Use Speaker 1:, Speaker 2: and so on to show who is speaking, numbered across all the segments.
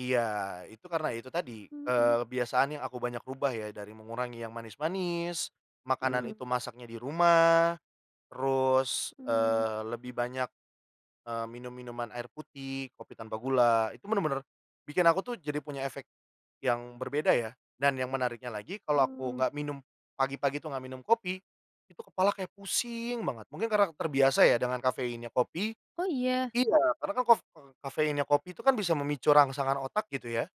Speaker 1: Iya itu karena itu tadi, eee,
Speaker 2: Mmm.
Speaker 1: kebiasaan yang aku banyak ubah ya, dari mengurangi yang manis-manis, makanan
Speaker 2: Mmm.
Speaker 1: itu masaknya di rumah, terus,
Speaker 2: Mmm.
Speaker 1: eee, lebih banyak, eee, minum-minuman air putih, kopi tanpa gula, itu bener-bener bikin aku tuh jadi punya efek yang berbeda ya. Dan yang menariknya lagi, kalau aku
Speaker 2: Mmm.
Speaker 1: nggak minum pagi-pagi itu nggak minum kopi, itu kepala kayak pusing banget. Mungkin karena terbiasa ya dengan kafeinnya kopi
Speaker 2: Oh iya?
Speaker 1: iya karena kan kof eee, kafeinnya kopi itu kan bisa memicu rangsangan otak gitu ya.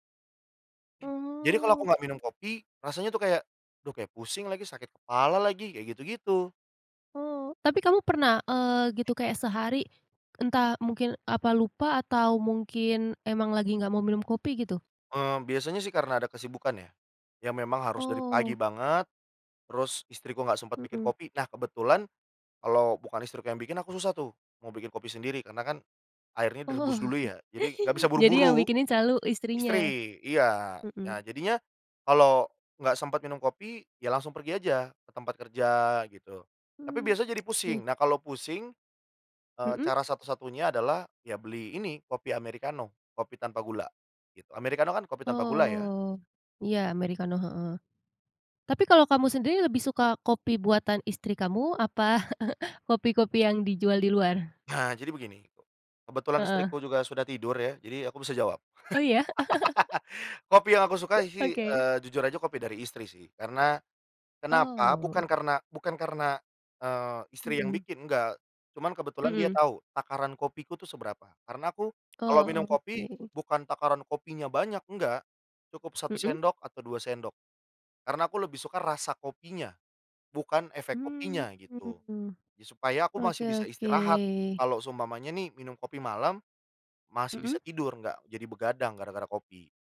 Speaker 1: Jadi kalau aku
Speaker 2: Mmm.
Speaker 1: nggak minum kopi, rasanya tuh kayak, aduh kayak pusing lagi, sakit kepala lagi, kayak gitu-gitu.
Speaker 2: Oh, tapi kamu pernah, eee, gitu kayak sehari entah mungkin apa lupa atau mungkin emang lagi nggak mau minum kopi gitu?
Speaker 1: Eee, biasanya sih karena ada kesibukan ya, yang memang harus dari
Speaker 2: Oh.
Speaker 1: pagi banget, terus istriku nggak sempet bikin
Speaker 2: Mmm.
Speaker 1: kopi, nah kebetulan kalau bukan istriku yang bikin, aku susah tuh mau bikin kopi sendiri karena kan airnya
Speaker 2: Oh.
Speaker 1: direbus dulu ya, jadi nggak bisa
Speaker 2: Jadi yang
Speaker 1: buru-buru.
Speaker 2: bikinin selalu istrinya?
Speaker 1: Istri, iya, nah
Speaker 2: Mmm.
Speaker 1: jadinya kalau nggak sempet minum kopi, ya langsung pergi aja ke tempat kerja gitu. Tapi
Speaker 2: Mmm,
Speaker 1: biasanya jadi pusing.
Speaker 2: oke.
Speaker 1: Nah kalau pusing, eee,
Speaker 2: Mmm.
Speaker 1: cara satu-satunya adalah ya beli ini kopi americano, kopi tanpa gula, gitu. Americano kan kopi tanpa gula ya.
Speaker 2: Oh. Iya americano, heeh. Tapi kalau kamu sendiri lebih suka kopi buatan istri kamu, apa kopi-kopi yang dijual di luar?
Speaker 1: Nah jadi begini, kebetulan
Speaker 2: Heeh.
Speaker 1: istriku juga sudah tidur ya, jadi aku bisa jawab.
Speaker 2: Oh iya?
Speaker 1: Kopi yang aku sukai sih,
Speaker 2: Oke.
Speaker 1: eee, jujur aja kopi dari istri sih karena kenapa,
Speaker 2: Oh.
Speaker 1: bukan karena bukan karena, eee, istri yang
Speaker 2: Mmm.
Speaker 1: bikin, enggak. Cuman kebetulan dia
Speaker 2: Mmm.
Speaker 1: tahu takaran kopiku tuh seberapa. Karena aku, kalau minum
Speaker 2: Oh
Speaker 1: kopi
Speaker 2: oke.
Speaker 1: bukan takaran kopinya banyak, enggak. Cukup 1
Speaker 2: Mmm.
Speaker 1: sendok atau 2 sendok, karena aku lebih suka rasa kopinya, bukan efek
Speaker 2: Mmm.
Speaker 1: kopinya gitu.
Speaker 2: Mmm.
Speaker 1: Supaya aku
Speaker 2: Oke
Speaker 1: masih bisa istirahat,
Speaker 2: oke.
Speaker 1: kalau seumpamanya nih minum kopi malam, masih
Speaker 2: Mmm.
Speaker 1: bisa tidur enggak jadi begadang gara-gara kopi.